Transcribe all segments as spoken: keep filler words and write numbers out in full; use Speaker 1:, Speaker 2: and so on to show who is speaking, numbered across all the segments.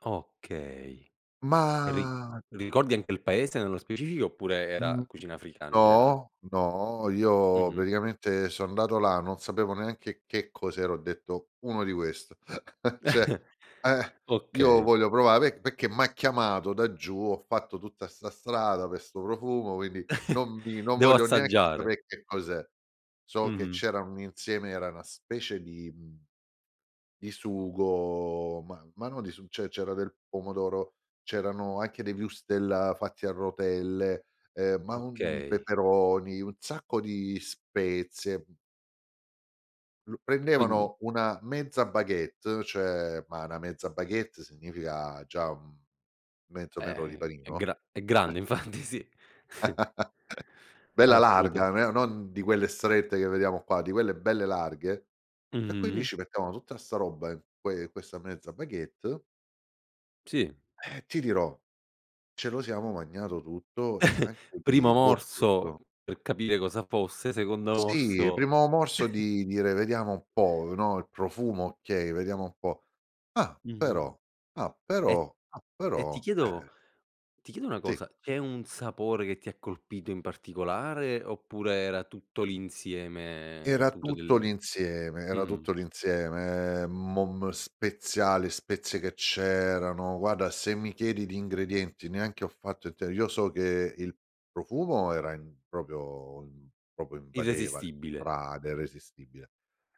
Speaker 1: Okay. Ri
Speaker 2: Mah
Speaker 1: ricordi anche il paese nello specifico, oppure era
Speaker 2: Mhmm,
Speaker 1: cucina africana in generale?
Speaker 2: no, no, io
Speaker 1: Mh-mh.
Speaker 2: praticamente so andato là, non sapevo neanche che cos'era, ho detto: "Uno di questo." Cioè, ehm: "Io
Speaker 1: Okay.
Speaker 2: voglio provare perché m'ha chiamato da giù, ho fatto tutta 'sta strada pe' 'sto profumo, quindi non mi non
Speaker 1: "Devo
Speaker 2: voglio neanche
Speaker 1: assaggiare."
Speaker 2: sape' che cos'è." So che
Speaker 1: Mh-mh.
Speaker 2: c'erano un insieme era una specie di mhmm, di sugo, ma ma no di su ceh c'era del pomodoro, c'erano anche dei wurstel fatti a rotelle, ehm, ma uhm,
Speaker 1: Okay.
Speaker 2: peperoni, un sacco di spezie, mh. Lu
Speaker 1: Quindi
Speaker 2: prendevano una mezza baguette cioè, ma 'na mezza baguette significa già, mhmm, mezzo metro di
Speaker 1: Eh, è
Speaker 2: panino,
Speaker 1: gra è grande
Speaker 2: eh.
Speaker 1: infatti sì.
Speaker 2: Bella
Speaker 1: Assoluta
Speaker 2: larga, non era non di quelle strette che vediamo qua, di quelle belle larghe. E quindi
Speaker 1: Mh-mh.
Speaker 2: ci mettevano tutta 'sta roba in que in questa mezza baguette
Speaker 1: Sì.
Speaker 2: eh, ti dirò, ce lo siamo magnato tutto e anche
Speaker 1: Primo
Speaker 2: di, boh,
Speaker 1: morso
Speaker 2: gusto.
Speaker 1: per capire cosa fosse, secondo
Speaker 2: Sì,
Speaker 1: morso
Speaker 2: primo morso di dire: "Vediamo un po', no, il profumo okay, vediamo un po'. Ah
Speaker 1: Mh-mh.
Speaker 2: però, ah
Speaker 1: E
Speaker 2: però, ah
Speaker 1: e ti
Speaker 2: però.
Speaker 1: chiedo
Speaker 2: Eh!"
Speaker 1: ti chiedo una
Speaker 2: Sì.
Speaker 1: cosa, c'è un sapore che ti ha colpito in particolare oppure era tutto l'insieme
Speaker 2: Era
Speaker 1: appunto
Speaker 2: tutto
Speaker 1: del
Speaker 2: l'insieme era
Speaker 1: mh-mh.
Speaker 2: tutto l'insieme, ehm, mom speziali, spezie che c'erano. Guarda, se mi chiedi di ingredienti neanche ho fatto il t io so che il profumo era in proprio ehm, proprio invadeva le
Speaker 1: Irresistibile.
Speaker 2: strade, era irresistibile.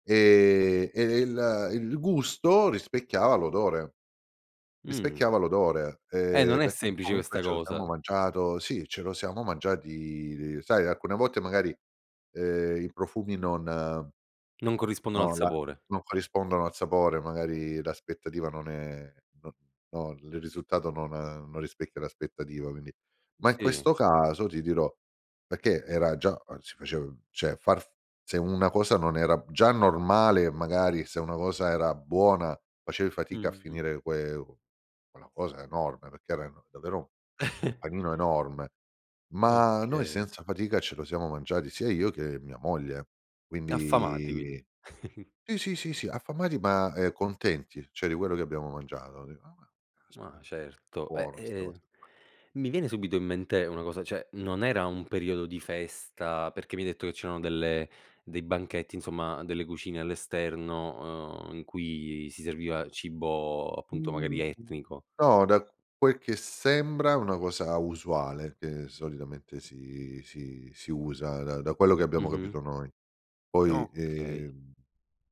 Speaker 2: E e il il gusto rispecchiava l'odore.
Speaker 1: Mh.
Speaker 2: Rispecchiava l'odore,
Speaker 1: E non
Speaker 2: ehm,
Speaker 1: è
Speaker 2: perché
Speaker 1: semplice
Speaker 2: comunque
Speaker 1: questa
Speaker 2: ce lo siamo
Speaker 1: cosa.
Speaker 2: mangiato, sì ce lo siamo mangiati sai alcune volte magari, ehm, i profumi non, ehm
Speaker 1: Non corrispondono al
Speaker 2: no la
Speaker 1: sapore.
Speaker 2: non corrispondono al sapore, magari l'aspettativa non è non no, il risultato non non rispecchia l'aspettativa, quindi ma in
Speaker 1: Sì.
Speaker 2: questo caso ti dirò perché era già si facev ceh far se una cosa non era già normale magari, se una cosa era buona facevi fatica a
Speaker 1: Mh-mh.
Speaker 2: finire que quella cosa enorme perché erano davvero un panino enorme, ma noi
Speaker 1: Okay.
Speaker 2: senza fatica ce lo siamo mangiati, sia io che mia moglie,
Speaker 1: Affamati quindi.
Speaker 2: quindi sì, sì, sì, sì affamati, ma, ehm, contenti, ceh di quello che abbiamo mangiato, "ah,
Speaker 1: Ma
Speaker 2: caspita,
Speaker 1: certo. Eh,
Speaker 2: buona, sta
Speaker 1: ehm,
Speaker 2: cosa qua."
Speaker 1: mi viene subito in mente una cosa, cioè non era un periodo di festa, perché mi hai detto che c'erano delle dei banchetti insomma, delle cucine all'esterno, uhm, in cui si serviva cibo, appunto, magari
Speaker 2: Mhmm,
Speaker 1: etnico.
Speaker 2: no, da quel che sembra una cosa usuale che solitamente si si si usa da da quello che abbiamo
Speaker 1: Mh-mh.
Speaker 2: capito noi. Poi
Speaker 1: Okay.
Speaker 2: ehm